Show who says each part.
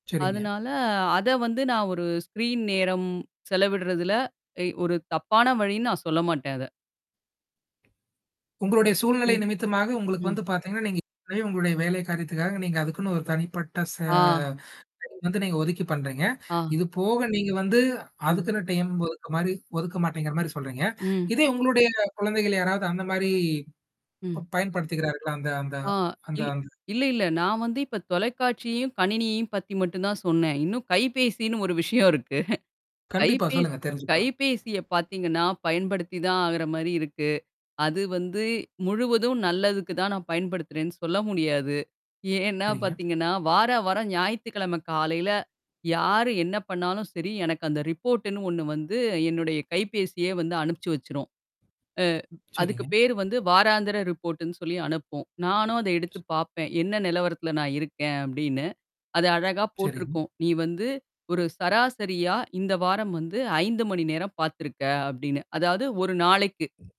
Speaker 1: சரிங்க.
Speaker 2: அதனால அத வந்து நான் ஒரு ஸ்க்ரீன் நேரம் செலவிடுறதுல எ ஒரு தப்பான வழின்னு நான் சொல்ல மாட்டேன் அத.
Speaker 1: உங்களுடைய சூழ்நிலை
Speaker 2: ம்.
Speaker 1: நிமித்தமாக உங்களுக்கு
Speaker 2: ம்.
Speaker 1: வந்து பாத்தீங்கன்னா, நீங்க இப்பவே உங்களுடைய வேலை காரியத்துக்காக நீங்க அதுக்குன்னு ஒரு தனிப்பட்ட ச
Speaker 2: ஆ.
Speaker 1: நேரம் வந்து நீங்க ஒதுக்கி பண்றீங்க.
Speaker 2: ஆ.
Speaker 1: இது போக நீங்க வந்து
Speaker 2: ம்.
Speaker 1: அதுக்குன்ன டைம் ஒதுக்க மாரி ஒதுக்க மாட்டேங்கிற மாரி சொல்றீங்க.
Speaker 2: ம்.
Speaker 1: இதே உங்களுடைய குழந்தைகள் யாராவது அந்த மாரி
Speaker 2: ம்.
Speaker 1: ப பயன்படுத்திக்கிறார்கள? அந்த அந்த
Speaker 2: ஆ
Speaker 1: அந்த
Speaker 2: இல்
Speaker 1: அந்த
Speaker 2: இல்ல, இல்ல. நான் வந்து இப்ப தொலைக்காட்சியையும், கணினியையும் பத்தி மட்டும் தான் சொன்னேன். இன்னும் கைபேசின்னு ஒரு விஷயம் இருக்கு.
Speaker 1: கண்டிப்பா
Speaker 2: கைபேசி
Speaker 1: சொல்லுங்க. தெரிஞ்சுப்பா.
Speaker 2: கைபேசிய பாத்தீங்கன்னா பயன்படுத்தி தான் ஆகுற மாரி இருக்கு. அது வந்து முழுவதும் நல்லதுக்கு தான் நான் பயன்படுத்துறேன்னு சொல்ல முடியாது. ஏன்னா
Speaker 1: சரிங்க.
Speaker 2: பாத்தீங்கன்னா, வார, வர ஞாயித்திக்கிழமை காலையில, யாரு என்ன பண்ணாலும் சரி, எனக்கு அந்த ரிப்போர்ட்டன்னு ஒண்ணு வந்து என்னுடைய கைபேசியே வந்து அனுப்பிச்சு வச்சுரு. அ அதுக்கு
Speaker 1: சரிங்க.
Speaker 2: பேரு வந்து வாராந்திர ரிப்போர்ட்ன்னு சொல்லி அனுப்போம். நானும் அத எடுத்து பார்ப்பேன். என்ன நிலவரத்தில நான் இருக்கேன் அப்படின்னு. அது அழகா
Speaker 1: சரிங்க.
Speaker 2: போட்ருக்கும். நீ வந்து ஒரு சராசரியா இந்த வாரம் வந்து 5 மணி நேரம் பாத்தருக்க அப்படின்னு. அதாவது ஒரு நாளைக்கு.